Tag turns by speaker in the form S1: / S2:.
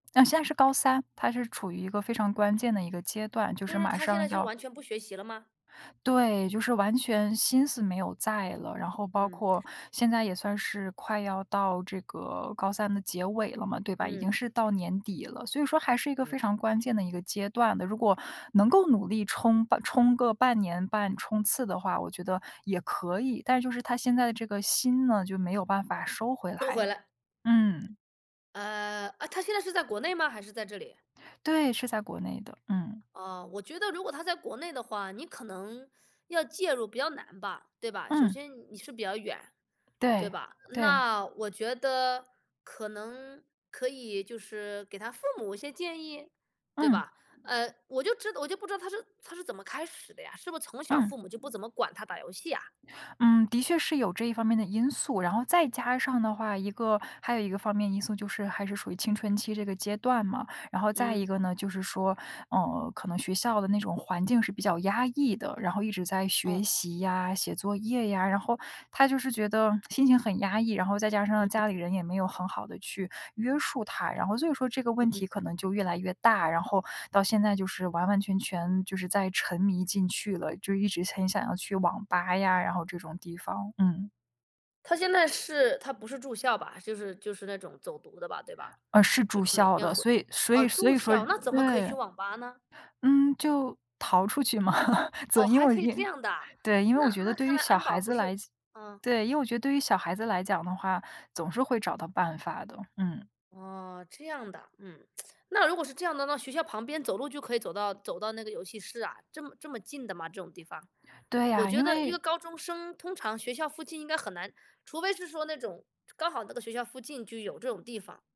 S1: 嗯，现在是高三。他是处于一个非常关键的一个阶段，就
S2: 就
S1: 是
S2: 是
S1: 马
S2: 他现
S1: 上
S2: 在就
S1: 要
S2: 完全不学习了吗？
S1: 对，就是完全心思没有在了。然后包
S2: 嗯。
S1: 括现在也算是快要到这个高三的结尾了嘛，对吧，已经
S2: 嗯。
S1: 是到年底了。所以说还是一个
S2: 嗯。
S1: 非常关键的一个阶段的。如果能够努力冲吧冲个半年半冲刺的话，我觉得也可以，但就是他现在的这个心呢，就没有办法收回
S2: 收回
S1: 来
S2: 来。
S1: 嗯。
S2: 呃，呃，他现在是在国内吗？还是在这里？
S1: 对，是在国内的，嗯。
S2: 哦，我觉得如果他在国内的话，你可能，要介入比较难吧，对吧？首
S1: 嗯。
S2: 先你是比较远，对
S1: 对，
S2: 吧？
S1: 对。
S2: 那我觉得，可能可以就是给他父母一些建议，对
S1: 嗯。
S2: 吧？呃，我就知道我就不知道他是他是怎么开始的呀，是不是从小
S1: 嗯。
S2: 父母就不怎么管他打游戏啊？
S1: 嗯，的确是有这方面的因素，然后再加上的话，一个还有一个方面因素，就是还是属于青春期这个阶段嘛。然后再一个
S2: 嗯。
S1: 呢，就是说，呃，可能学校的那种环境是比较压抑的，然后一直在
S2: 哦。
S1: 学习呀、写作业呀，然后他就是觉得心情很压抑，然后再加上
S2: 嗯嗯。
S1: 家里人也没有很好地去约束他，然后所以说这个
S2: 嗯
S1: 问
S2: 嗯。
S1: 题可能就越来越大，然后到现在就是完完全全就是在沉迷进去了，就一直很想要去网吧呀，然后这种地方，嗯。
S2: 他现在是他不是住校吧？就是就是那种走读的吧，对吧？
S1: 呃，是
S2: 就
S1: 住
S2: 是每
S1: 校
S2: 天
S1: 的，
S2: 回
S1: 所以所
S2: 哦，
S1: 以所
S2: 住
S1: 以说
S2: 校，那怎么可以去
S1: 对。
S2: 网吧呢？
S1: 嗯，就逃出去嘛，总
S2: 哦，
S1: 因
S2: 还
S1: 为
S2: 可以这
S1: 因
S2: 样的啊？
S1: 对，因为我
S2: 那
S1: 觉得
S2: 那
S1: 对
S2: 看
S1: 于
S2: 来
S1: 小
S2: 安保
S1: 孩
S2: 不
S1: 子
S2: 是
S1: 来讲
S2: 嗯。
S1: 对，因为我觉得对于小孩子来讲的话，总是会找到办法的，嗯。
S2: 哦，这样的，嗯，那如果是这样的，那学校旁边走路就可以走到走到那个游戏室啊，这么这么近的吗？这种地方。
S1: 对
S2: 我
S1: 呀，
S2: 觉
S1: 因
S2: 得一个
S1: 为
S2: 高中生，通常学校附近应该很难除非是说那种，刚好那个学校附近就有这种地方。